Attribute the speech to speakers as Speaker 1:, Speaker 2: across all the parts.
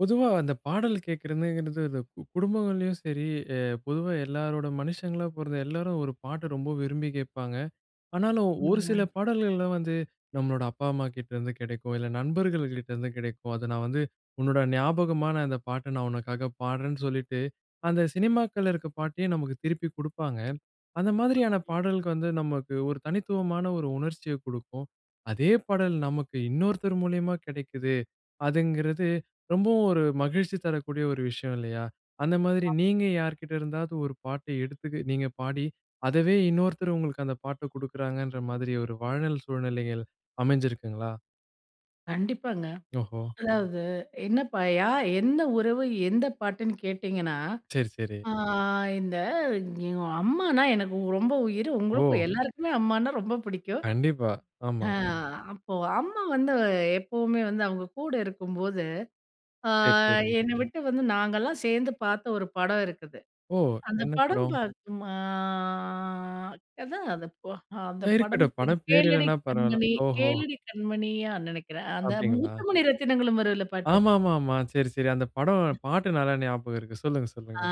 Speaker 1: பொதுவா அந்த பாடல் கேட்கிறதுங்கிறது, அந்த கு குடும்பங்கள்லயும் சரி அ பொதுவா எல்லாரோட மனுஷங்களா பொறந்த எல்லோரும் ஒரு பாட்ட ரொம்ப விரும்பி கேட்பாங்க. ஆனாலும் ஒரு சில
Speaker 2: [unintelligible]
Speaker 1: பாடல்கள்லாம் வந்து, நம்மளோட அப்பா அம்மாகிட்டேருந்து கெடைக்கும். இல்லை நண்பர்கள் கிட்டேருந்து கெடைக்கும். "அத நான் வந்து உன்னோட ஞாபகமான அந்த பாட்டை நான் உனக்காக பாடுறேன்னு" சொல்லிட்டு அந்த சினிமாக்கள்ல இருக்கிற பாட்டையே நமக்கு திருப்பி குடுப்பாங்க. அந்த மாதிரியான
Speaker 2: ஆமாங்க.
Speaker 1: பாடலுக்கு வந்து நமக்கு ஒரு தனித்துவமான ஒரு உணர்ச்சியைக் கொடுக்கும். அதே பாடல் நமக்கு இன்னொருத்தர் மூலியமா கிடைக்கிது, அதுங்கிறது ரொம்பவும் ஒரு மகிழ்ச்சி தரக்கூடிய ஒரு விஷயம் இல்லையா? அந்த மாதிரி
Speaker 2: ஆமா.
Speaker 1: நீங்க யார்கிட்ட இருந்தாவது ஒரு பாட்டை எடுத்து நீங்க பாடி, அதவே இன்னொருத்தர் உங்களுக்கு அந்த பாட்ட குடுக்குறாங்கன்ற மாதிரி ஒரு வாழ்நாள் சூழ்நிலைகள் அமைஞ்சிருக்குங்களா?
Speaker 2: கண்டிப்பாங்க.
Speaker 1: ஓஹோ!
Speaker 2: அதாவது என்னப்பாயா. எந்த உறவு எந்த பாட்டுன்னு கேட்டிங்கன்னா.
Speaker 1: சரி, சரி.
Speaker 2: ஆ இந்த எங்க அம்மானா எனக்கு ரொம்ப உயிரு. உங்களுக்கும்
Speaker 1: ஓ!
Speaker 2: எல்லாருக்குமே அம்மான்னா ரொம்ப பிடிக்கும்.
Speaker 1: கண்டிப்பா!
Speaker 2: ஹா!
Speaker 1: ஆமாமா.
Speaker 2: அப்போ அம்மா வந்து எப்பவுமே வந்து அவங்க கூட இருக்கும்போது, ஆ
Speaker 1: சரி, சரி.
Speaker 2: என்ன விட்டு வந்து நாங்கலாம் சேர்ந்து பார்த்த ஒரு படம் இருக்குது.
Speaker 1: ஓ!
Speaker 2: அந்த
Speaker 1: என்ன
Speaker 2: படம்
Speaker 1: படம்?
Speaker 2: பார்க்கும் அ அதான் அந்த போ
Speaker 1: அ
Speaker 2: அந்த படம்
Speaker 1: இருக்கட்டும்.
Speaker 2: பேர்,
Speaker 1: படம் பேர்
Speaker 2: கேளடி
Speaker 1: இல்லனா பரவாயில்லை.
Speaker 2: கண்மணி
Speaker 1: ஓஹோ!
Speaker 2: கேளடி கண்மணியா நினைக்கிறேன். அந்த
Speaker 1: அப்படிங்களா?
Speaker 2: முத்துமணி ரத்தினங்களும் வருதுல பாட்டு.
Speaker 1: ஆமாமாமா. சரி, சரி. அந்த படம் பாட்டு நல்லா ஞாபகம் இருக்கு. சொல்லுங்க, சொல்லுங்க.
Speaker 2: ஆ.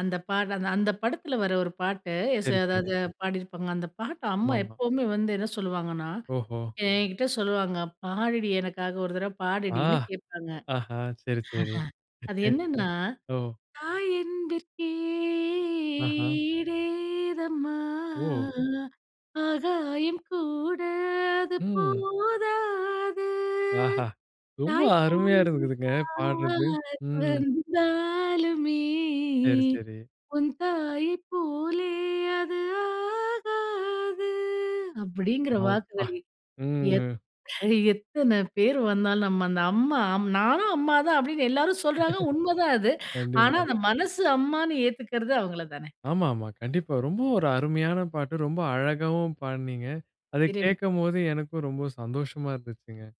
Speaker 2: அந்த பாடல்தான். அந்த படத்தில வர்ர ஒரு பாட்டு,
Speaker 1: சரி,
Speaker 2: [unintelligible]
Speaker 1: சரி.
Speaker 2: எதாவது பாடியிருப்பாங்க. அந்த பாட்ட அம்மா
Speaker 1: ஆமா, ஆமா.
Speaker 2: எப்பவுமே வந்து என்ன சொல்லுவாங்கன்னா,
Speaker 1: ஓஹோ!
Speaker 2: என்கிட்ட சொல்லுவாங்க, "பாடுடி எனக்காக. ஒரு தடவ
Speaker 1: ஆ!
Speaker 2: பாடுடின்னு" கேட்பாங்க.
Speaker 1: ஆஹ. சரி, சரி.
Speaker 2: அது
Speaker 1: [unintelligible]
Speaker 2: என்னன்னா,
Speaker 1: ஓ.
Speaker 2: தாய் அன்பிற்கே
Speaker 1: ஆஹ.
Speaker 2: ஈடு ஏதம்மா,
Speaker 1: ஓ!
Speaker 2: ஆகாயம் கூட அது
Speaker 1: ம்.
Speaker 2: போதாது.
Speaker 1: ஆஹா. ரொம்ப அருமையா
Speaker 2: தாய்ப்போலே
Speaker 1: இருக்குதுங்க. பாடுறது.
Speaker 2: யார்
Speaker 1: ம்.
Speaker 2: வந்தாலுமே
Speaker 1: சரி, சரி.
Speaker 2: உன் தாயை போலே, அது ஆகாது. அப்படிங்கிற
Speaker 1: அப்பா!
Speaker 2: வாக்குகள்,
Speaker 1: ம்.
Speaker 2: [unintelligible] எத்தனை பேர் வந்தாலும் நம்ம அந்த அம்மா நானும் அம்மா தான் அப்படின்னு எல்லாரும் சொல்றாங்க, உண்ம தான் அது. ஆனா,
Speaker 1: கண்டிப்பா.
Speaker 2: அந்த மனசு அம்மான்னு ஏத்துக்கறது அவங்கள தானே.
Speaker 1: ஆமா, ஆமா. கண்டிப்பா. ரொம்ப ஒரு அருமையான பாட்டு. ரொம்ப அழகாவும் பாடுனீங்க. அதை
Speaker 2: [unintelligible]
Speaker 1: கேட்கும்போது எனக்கும் ரொம்ப சந்தோஷமா இருந்துச்சுங்க.